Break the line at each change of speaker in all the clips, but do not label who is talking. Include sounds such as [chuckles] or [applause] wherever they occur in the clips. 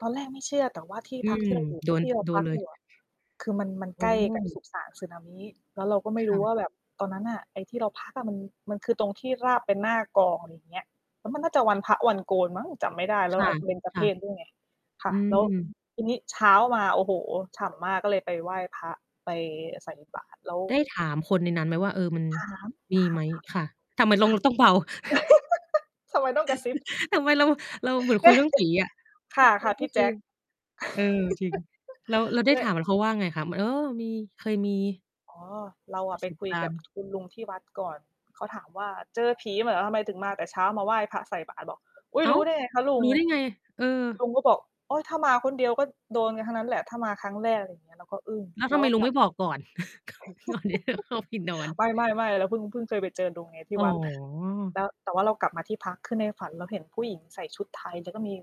ตอนแรกไม่เชื่อ แต่ว่าที่
อื
พัก
ม
ที่เราอยู่
โด
ท
น
ี่เรา
โด
พั
น
ก
เล
อย
ย
ู่อะ คือมัน มัน
โอ
ใก
้
ล้กับสุสาน Tsunami แล้วเราก็ไม่
ค
ร
่
ู้
ะ
ว่าแบบตอนนั้นน่ะ ไอ้ที่เราพักอะ มัน มันคือตรงที่ราบเป็นหน้ากลอง อะไรอย่างเงี้ย แล้วมันน่าจะวันพระวันโกนมั้ง จำไม่ได้แล
ค
้ว
่
อ
ะ
เบญจ
ค
เพ
่ะ
สด้วยไง ค่
อื
ะ แล้ว
ม
ทีนี้เช้ามา โอ้โฮ ฉ่ำมากก็เลยไปไหว้พระ ไปใส่บาตรแล้ว
ได้ถามคนในนั้นไหมว่า เออ "มัน
ถาม
ม
ถ
ี
า
ไ
ม
หม?"
ค่ะ
ค่ะ ทำไมต้
ถ
อง
าม
ต้องเบา [chuckles]
[laughs] ทำไมต้องกระซิบ
[chuckles] ทำไมเรา เราเหมือนคุยเรื่องผีอะ
[laughs] ค
ม
่
ั
ะ
นเป
ค
็
่ะ
น
พ
ก
ี
็
่
ค
แจ
ือ
็ค
แบบ เออ จริง แล้ว แล้วไ
[laughs]
ด้
แล
ถา
ะ
มเขาว่าไงคะ? ม เออ มี เคยมี
อ๋อ เราอ
ปร
ะ
ะ
ไป
สบ
คุย
กา
ก
ร
ั
ณ
บ
์
คุณลุงที่วัดก่อน เขาถามว่า "เจอผีมาเหรอ ทำไมถึงมาแต่เช้า มาไหว้พระใส่บาตร" บอก "อุ๊ย!
อ้า
รู้
ว!
ได้ไงคะลุ
ร
ง?"
ู้ได้ไง? เออ
ลุงก็บอก "โอ๊ย ถ้ามาคนเดียวก็โดนกันทั้งนั้นแหละ ถ้ามาครั้งแรก" อะไรอย่างเงี้ย เราก็อึ้ง
แล้ว
เร
ท
า
ำไม
ก็
ลุ
ก
ง
ลั
ไม
บ
่บอกก่อน [chuckles] ก่อน ก่อนที่จะเข้าไปนอน?
[laughs] ไม
[chuckles]
่ ๆ ๆ เราเพิ่ง เพิ่งเคยไปเจอลุงไงที
อ
่
๋
วัด
อ
แล้ว แต่ว่าเรากลับมาที่พัก คือในฝันเราเห็นผู้หญิงใส่ชุดไทย แล้วก็มี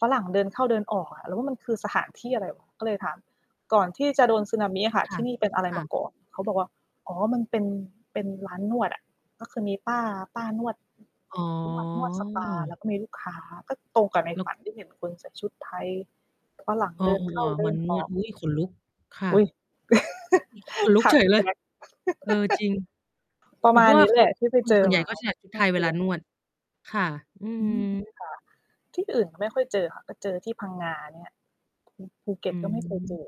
ฝรั่งเดินเข้าเดินออกอะ เราว่ามันคือสถานที่อะไร ก็เลยถาม "ก่อนที่จะโดน Tsunami อะค่ะ
ค
ท
่ะ
ี่นี่เป็นอะไร
ค่
มา
ะ
ก่อน?" เขาบอกว่า "อ๋อ มันเป็น เป็นร้านนวดอะ" ก็คือมีป้า ป้านวด
อ๋
นวด นวดสปา แล
อ
้วก็มีลูกค้า ก็ตรงกับใน
ล
ฝ
ก
ันที่เห็นคนใส่ชุดไทย ฝรั่ง
อ้อ
เดินเข้า
ๆ
เด
ๆ ม
ิ
ั
น
นน
อ
ว
อ
ด
ก
อุ๊ย! ขนลุก ค่
อ
ะ
ุ๊ย [laughs]
[unintelligible] ขนลุ
ค
ก
่ะ
เฉ
พ
ย
ี่
เล
แจ
ย
็ค
เออ จริง
[laughs] ประ
หรื
ม
อเ
า
พร
ณ
าะว
น
่า
ี้
เข
แห
า
ละที่ไป
ค
เ
น
จ
ส
อ
่วนใหญ
ม
่
า
ก
โ
็
อ้
ใส่ชุด
น
ไ
่
ท
า
ยเ
ก
ว
ลั
ลา
ว
นวด ค่ะ อื
อืม
ม
ค่ะ ที่อื่น ก็ไม่ค่อยเจอค่ะ มาเจอที่พังงาเนี่ย ภู ภูเก็
อ
ตก็ไม่ เคยเจ
ืม
อ